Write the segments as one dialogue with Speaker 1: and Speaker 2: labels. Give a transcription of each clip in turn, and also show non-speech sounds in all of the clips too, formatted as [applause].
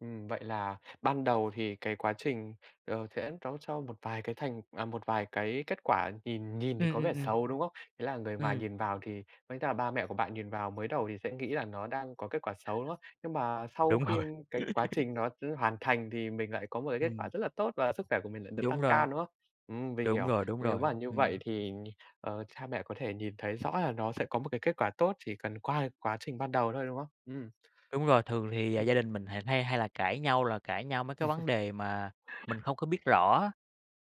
Speaker 1: Ừm. Vậy là ban đầu thì cái quá trình, ờ, sẽ nó cho một vài cái thành à, một vài cái kết quả nhìn nhìn thì
Speaker 2: Ừm,
Speaker 1: có
Speaker 2: ừm,
Speaker 1: vẻ
Speaker 2: ừm.
Speaker 1: xấu, đúng không? Thế là người ngoài
Speaker 2: Ừm.
Speaker 1: nhìn vào thì với cả ba mẹ của bạn nhìn vào mới đầu thì sẽ nghĩ là nó đang có kết quả xấu, đúng không? Nhưng mà sau
Speaker 2: Đúng
Speaker 1: khi
Speaker 2: rồi.
Speaker 1: cái quá
Speaker 2: [laughs]
Speaker 1: trình nó hoàn thành thì mình lại có một cái kết quả
Speaker 2: Ừm.
Speaker 1: rất là tốt và sức khỏe của mình lại được
Speaker 2: Đúng
Speaker 1: tăng cao,
Speaker 2: rồi.
Speaker 1: đúng không? Ừm, mình
Speaker 2: Đúng
Speaker 1: hiểu,
Speaker 2: rồi, đúng
Speaker 1: nếu
Speaker 2: rồi,
Speaker 1: mà như vậy
Speaker 2: ừm.
Speaker 1: thì, ờ, cha mẹ có thể nhìn thấy rõ là nó sẽ có một cái kết quả tốt, chỉ cần qua cái quá trình ban đầu thôi, đúng không? Ừm.
Speaker 2: Đúng rồi, thường thì
Speaker 1: Ừm.
Speaker 2: gia đình mình hay hay là cãi nhau là cãi nhau mấy cái vấn
Speaker 1: [laughs]
Speaker 2: đề mà mình không có biết rõ,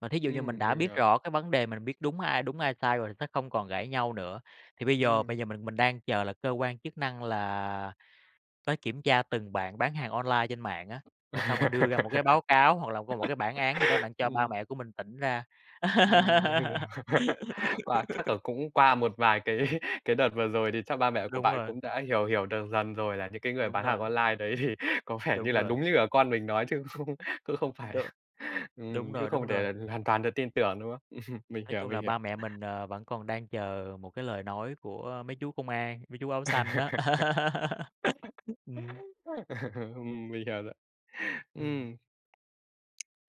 Speaker 2: mà thí dụ như mình
Speaker 1: Ừm,
Speaker 2: đã
Speaker 1: mình
Speaker 2: biết
Speaker 1: hiểu.
Speaker 2: rõ cái vấn đề, mình biết đúng ai đúng, ai sai rồi sẽ không còn cãi nhau nữa. Thì bây giờ
Speaker 1: Ừm.
Speaker 2: bây giờ mình mình đang chờ là cơ quan chức năng là tới kiểm tra từng bạn bán hàng online trên mạng á, rồi xong rồi đưa ra một cái báo cáo hoặc là có một cái bản án gì đó
Speaker 1: [laughs]
Speaker 2: đặng cho ba
Speaker 1: Ừm.
Speaker 2: mẹ của mình tỉnh ra.
Speaker 1: Ừm. Mình hiểu.
Speaker 2: [laughs]
Speaker 1: [laughs] Wow, chắc là cũng qua một vài cái cái đợt vừa rồi thì chắc ba mẹ của
Speaker 2: Đúng
Speaker 1: bạn
Speaker 2: rồi.
Speaker 1: cũng đã hiểu hiểu được dần rồi là những cái người
Speaker 2: Đúng
Speaker 1: bán hàng
Speaker 2: rồi.
Speaker 1: online đấy thì có vẻ như
Speaker 2: Đúng
Speaker 1: là
Speaker 2: rồi.
Speaker 1: đúng như cả con mình nói chứ cũng không cũng phải
Speaker 2: Đ
Speaker 1: là ừm,
Speaker 2: đúng
Speaker 1: chứ
Speaker 2: rồi,
Speaker 1: không
Speaker 2: đúng rồi.
Speaker 1: thể hoàn toàn được tin tưởng, đúng không? [laughs] Mình
Speaker 2: Nói
Speaker 1: hiểu,
Speaker 2: chung
Speaker 1: mình
Speaker 2: là
Speaker 1: hiểu.
Speaker 2: ba mẹ mình, ờ, vẫn còn đang chờ một cái lời nói của mấy chú công an, mấy chú áo xanh đó.
Speaker 1: [laughs]
Speaker 2: [laughs] Ừm.
Speaker 1: mình hiểu rồi.
Speaker 2: Ừm.
Speaker 1: Ừm.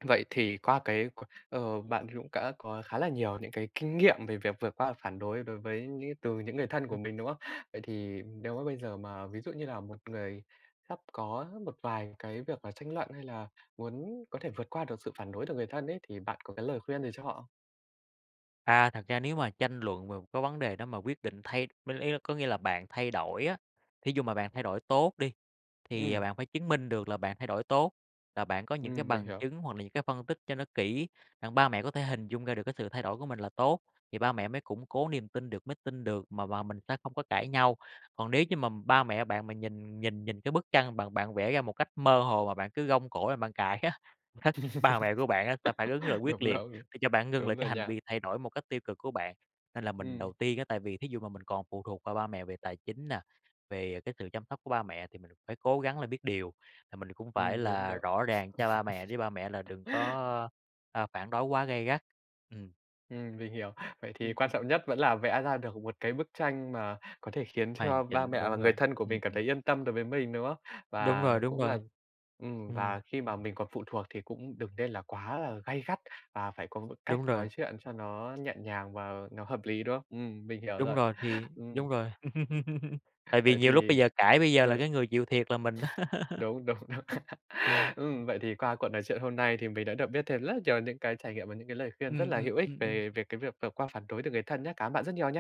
Speaker 1: Vậy thì qua cái c ờ, bạn cũng đã có khá là nhiều những cái kinh nghiệm về việc vượt qua phản đối đối với những từ những người thân của
Speaker 2: Ừm.
Speaker 1: mình, đúng không? Vậy thì nếu mà bây giờ mà ví dụ như là một người sắp có một vài cái việc mà tranh luận hay là muốn có thể vượt qua được sự phản đối từ người thân ấy thì bạn có cái lời khuyên gì cho họ không?
Speaker 2: À, thật ra nếu mà tranh luận về một cái vấn đề đó mà quyết định thay với ý có nghĩa là bạn thay đổi á. Thí dụ mà bạn thay đổi tốt đi thì
Speaker 1: Ừm.
Speaker 2: bạn phải chứng minh được là bạn thay đổi tốt, là bạn có những cái
Speaker 1: Ừm, mình
Speaker 2: bằng
Speaker 1: hiểu.
Speaker 2: chứng hoặc là những cái phân tích cho nó kỹ. Đặng ba mẹ có thể hình dung ra được cái sự thay đổi của mình là tốt thì ba mẹ mới củng cố niềm tin được, mới tin được mà mà mình sẽ không có cãi nhau. Còn nếu như mà ba mẹ bạn nhìn nhìn nhìn cái bức tranh bạn bạn vẽ ra một cách mơ hồ mà bạn cứ gông cổ lên bạn cãi á, [chuckles] ba mẹ của bạn á sẽ phản ứng là
Speaker 1: [laughs]
Speaker 2: quyết
Speaker 1: Đúng
Speaker 2: liệt
Speaker 1: rầu
Speaker 2: để cho bạn ngưng lại
Speaker 1: đúng
Speaker 2: cái
Speaker 1: rồi
Speaker 2: hành
Speaker 1: nha.
Speaker 2: vi thay đổi một cách tiêu cực của bạn. Nên là mình
Speaker 1: Ừm.
Speaker 2: đầu tiên á tại vì thí dụ mà mình còn phụ thuộc vào ba mẹ về tài chính nè, về cái sự chăm sóc của ba mẹ thì mình phải cố gắng là biết điều. À, mình cũng phải
Speaker 1: Ừm, đúng
Speaker 2: là
Speaker 1: đó.
Speaker 2: rõ ràng cho ba mẹ để ba mẹ là đừng
Speaker 1: [laughs]
Speaker 2: có, a, phản đối quá gay gắt, ừm.
Speaker 1: Ừm, mình hiểu. Vậy thì
Speaker 2: Ừm,
Speaker 1: quan trọng
Speaker 2: ùm.
Speaker 1: nhất vẫn là vẽ ra được một cái bức tranh mà có thể khiến
Speaker 2: Hoàn
Speaker 1: cho ba
Speaker 2: chỉnh,
Speaker 1: mẹ và
Speaker 2: đúng
Speaker 1: người
Speaker 2: rồi,
Speaker 1: thân của
Speaker 2: ừm,
Speaker 1: mình cảm
Speaker 2: ừm.
Speaker 1: thấy yên tâm đối với mình, đúng không?
Speaker 2: Đúng
Speaker 1: Và
Speaker 2: rồi, đúng
Speaker 1: cũng là
Speaker 2: rồi.
Speaker 1: ừm,
Speaker 2: Ừm.
Speaker 1: và khi mà mình còn phụ thuộc thì cũng đừng nên là quá là gay gắt và phải có một cách
Speaker 2: Đúng rồi.
Speaker 1: nói chuyện cho nó nhẹ nhàng và nó hợp lý, đúng không? Ừm, mình hiểu
Speaker 2: Đúng
Speaker 1: rồi.
Speaker 2: rồi, thì
Speaker 1: Ừm.
Speaker 2: đúng rồi. [laughs] Tại vì
Speaker 1: Vậy
Speaker 2: nhiều lúc
Speaker 1: thì
Speaker 2: bây giờ cãi bây giờ
Speaker 1: ờ
Speaker 2: là cái
Speaker 1: [laughs]
Speaker 2: người chịu thiệt là mình á.
Speaker 1: Đúng đúng đúng.
Speaker 2: [laughs] Ừm.
Speaker 1: [laughs] Ừm, vậy thì qua cuộc nói chuyện hôm nay thì mình đã được biết thêm rất nhiều những cái trải nghiệm và những cái lời khuyên rất
Speaker 2: Ừm,
Speaker 1: là
Speaker 2: ừm,
Speaker 1: hữu ích
Speaker 2: ừm, ừm.
Speaker 1: về về cái việc vượt qua phản đối từ người thân nhá. Cảm ơn bạn rất nhiều nha.